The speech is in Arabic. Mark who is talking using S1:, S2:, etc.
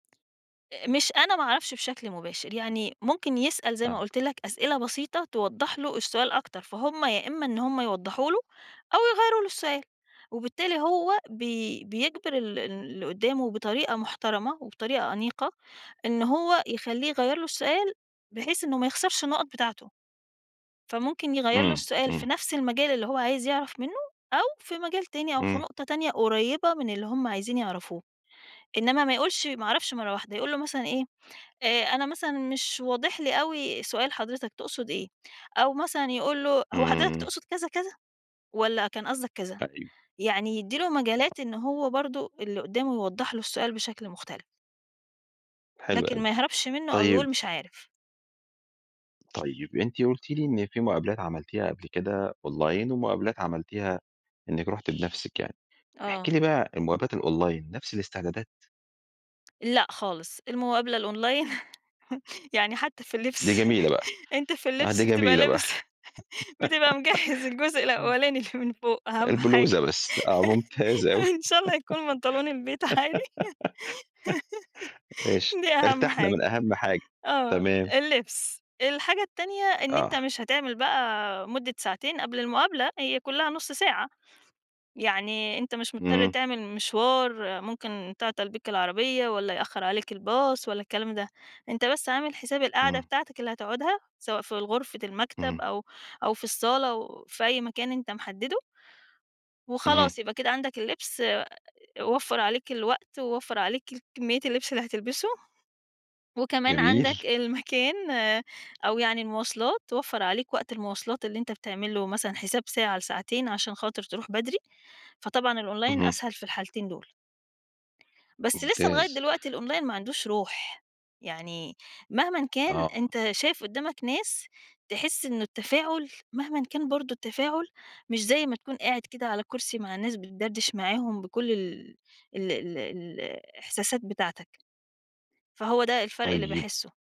S1: آآ مش أنا ما أعرفش بشكل مباشر. يعني ممكن يسأل زي ما
S2: آه.
S1: قُلت لك أسئلة بسيطة توضّح له السؤال أكتر، فهُم يا إمّا إن هم يوضّحوا له أو يغيّروا له السؤال وبالتالي هو بي بيجبِر ال ال اللي قُدّامه بطريقة محترمة وبطريقة أنيقة إن هو يخلّيه يغيّر له السؤال بحيث إنه ما يخسرش النُقَط بتاعته. فممكن يغيّر له
S2: إمم،
S1: السؤال في
S2: إمم.
S1: نفس المجال اللي هو عايز يعرف منّه أو في مجال تاني أو في
S2: إمم.
S1: نقطة تانية قريّبة من اللي هم عايزين يعرفوه. إنّما ما يقولش ما أعرفش مرّة واحدة، يقول له مثلًا إيه، آآ أنا مثلًا مش واضح لي أوي سؤال حضرتك تقصد إيه؟ أو مثلًا يقول له، هو حضرتك
S2: إمم.
S1: تقصد كذا، كذا والّا كان قصدك كذ؟
S2: أيوه.
S1: يعني يدّي له
S2: [unintelligible]
S1: مجالات إنه هو برضه اللي قُدّامه يوضّح له السؤال بشكل مختلف.
S2: حلو
S1: لكن ما
S2: أوي.
S1: يهربش منّه أو
S2: طيب
S1: يقول مش عارف.
S2: طيب، أنتِ قُلتِ لي إن في مُقابلات عملتيها قبل كده أونلاين ومُقابلات عملتيها إنِّك رُحتِ بنفسِك يعني. احكي
S1: آه.
S2: لي بقى الُمقابلات الأونلاين نفس الاستعدادات؟
S1: لأ خالص. المقابلة الأونلاين يعني حتّى في
S2: دي
S1: اللبس،
S2: جميلة بقى.
S1: أنت في
S2: آه،
S1: اللبس
S2: دي
S1: بتبقى
S2: جميلة بقى.
S1: لابس بتبقى مجهِّز الجزء
S2: إمم.
S1: الأوّلاني اللي من فوق أهَم حاجة،
S2: البلوزة بس، آه ممتازة أوي.
S1: إن شاء الله يكون بنطلون البيت عادي،
S2: ماشي.
S1: دي أهَم
S2: ارتاحنا
S1: حاجة.
S2: من أهمَ حاجة.
S1: آه،
S2: تمام.
S1: اللبس. الحاجة التانية إن أنت
S2: آه.
S1: مش هتعمل بقى مُدِّة ساعتين قبل المقابلة، هي كُلّها نُص ساعة. يعني أنت مش مُضطر
S2: إمم.
S1: تعمل مشوار ممكن تعطَل بيك العربية والّا يأخّر عليك الباص والّا الكلام ده، أنت بس عامل حساب القعدة
S2: إمم.
S1: بتاعتك اللي هتقعدها سواء في غرفة المكتب
S2: إمم.
S1: أو أو في الصالة أو في أي مكان أنت محدِّده
S2: اهم.
S1: وخلاص يبقى كده عندك اللبس آآ وفَّر عليك الوقت ووفَّر عليك كمّية اللبس اللي هتلبسه وكمان
S2: جميل.
S1: عندك المكان أو يعني المواصلات، وفََّر عليك وقت المواصلات اللي أنت بتعمل له مثلًا حساب ساعة لساعتين عشان خاطر تروح بدري، فطبعًا الأونلاين
S2: اهم.
S1: أسهل في الحالتين دول. بس لسّه لغاية
S2: ممتاز.
S1: دلوقتي الأونلاين ما عندهوش روح. يعني مهمًا كان
S2: آه.
S1: أنت شايف قُدّامك ناس تحسِ إن التفاعُل مهمًا كان برضه التفاعُل مش زي ما تكون قاعد كده على كُرسي مع الناس بتدردِش معاهم بكل ال ال ال ال الإحساسات بتاعتك، فهو ده الفَرْق اللي
S2: طيب
S1: باحسّه.